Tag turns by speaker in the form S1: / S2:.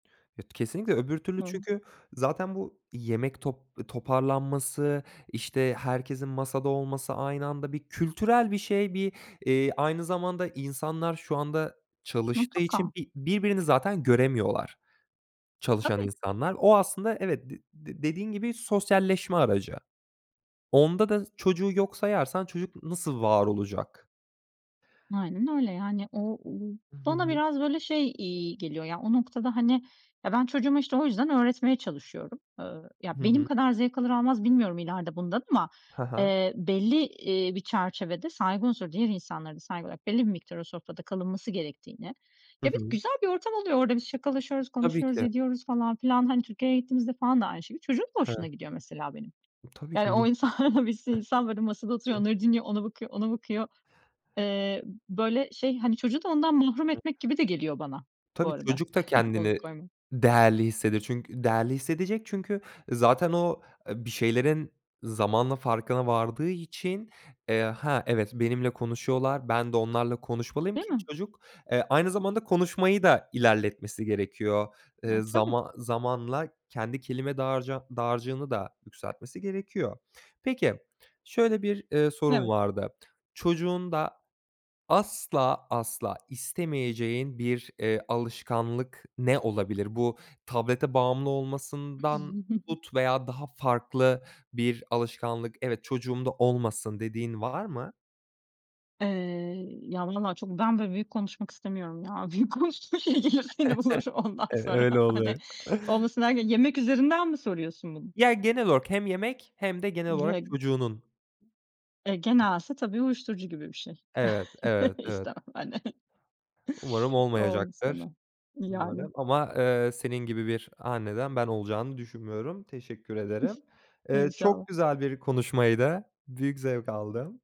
S1: Evet. Kesinlikle öbür türlü
S2: Hı hı.
S1: çünkü zaten bu yemek top toparlanması, işte, herkesin masada olması aynı anda bir kültürel bir şey bir, eee, aynı zamanda insanlar şu anda çalıştığı için
S2: Mutlaka.
S1: bir birbirini zaten göremiyorlar, çalışan
S2: Tabii.
S1: insanlar. O aslında Evet, d d dediğin gibi sosyalleşme aracı. Onda da s çocuğu yok sayarsan çocuk nasıl var olacak?
S2: Aynen öyle. Yani o o
S1: I hı
S2: bana
S1: hı.
S2: biraz böyle şey iyi geliyor: Ya, o noktada, hani, ya, ben çocuğuma işte o yüzden öğretmeye çalışıyorum. Iıı,
S1: Hı
S2: ya, benim
S1: hı.
S2: kadar zevk alır almaz bilmiyorum ileride bundan ama,
S1: Ha ha.
S2: eee, belli, iii, bir çerçevede saygı unsuru, diğer insanlara da saygı olarak belli bir miktar o sofrada kalınması gerektiğini
S1: Hı
S2: Ya, bir de
S1: hı.
S2: güzel bir ortam oluyor orada. Biz şakalaşıyoruz,
S1: Tabii
S2: konuşuyoruz,
S1: ki.
S2: ediyoruz falan filan. Hani, Türkiye'ye gittiğimizde falan da aynı şekilde. Çocuğun da hoşuna
S1: Hıı.
S2: gidiyor mesela benim.
S1: Tabii ki
S2: Yani
S1: m
S2: o insanlara bir sürü insan, böyle, masada oturuyor,
S1: Hıh.
S2: onları dinliyor, ona bakıyor, ona bakıyor. Iıı, böyle, şey, hani, çocuğu da ondan mahrum
S1: [unintelligible]
S2: etmek gibi de geliyor bana, bu
S1: Tabii,
S2: arada.
S1: çocuk da
S2: Onu
S1: kendini
S2: [unintelligible]
S1: değerli hissedir değerli hissedecek çünkü zaten o, ııı, bir şeylerin zamanla farkına vardığı için, eee, "Ha, evet benimle konuşuyorlar, ben de onlarla konuşmalıyım
S2: Değil
S1: ki"
S2: mi?
S1: Çocuk, eee, aynı zamanda konuşmayı da ilerletmesi gerekiyor. Eee,
S2: E, tabii.
S1: zaman zamanla kendi kelime dağarca dağacığını da yükseltmesi gerekiyor. Peki, şöyle bir, ııı, sorum
S2: Evet.
S1: vardı: Çocuğunda asla asla istemeyeceğin bir, eee, alışkanlık ne olabilir? Bu tablete bağımlı olmasından tut veya daha farklı bir alışkanlık, "Evet, çocuğum da olmasın." dediğin var mı?
S2: Eee, ya valla çok ben böyle büyük konuşmak istemiyorum ya. Büyük konuştuğun şey gelir seni bulur ondan
S1: E,
S2: sonra
S1: öyle oluyor.
S2: hani. Olmasın derken yemek üzerinden mi soruyorsun bunu?
S1: Ya, genel olarak hem yemek hem de genel olarak
S2: Geg
S1: çocuğunun
S2: E, gene
S1: [unintelligible]
S2: aslında, tabii, uyuşturucu gibi bir şey
S1: Evet, evet, evet.
S2: istemem hani.
S1: Umarım
S2: O onu
S1: olmayacaktır,
S2: istemem. Yani.
S1: umarım. Ama, ııı, senin gibi bir anneden ben olacağını düşünmüyorum, teşekkür ederim. Iıı,
S2: İnşallah.
S1: çok güzel bir konuşmaydı. Büyük zevk aldım.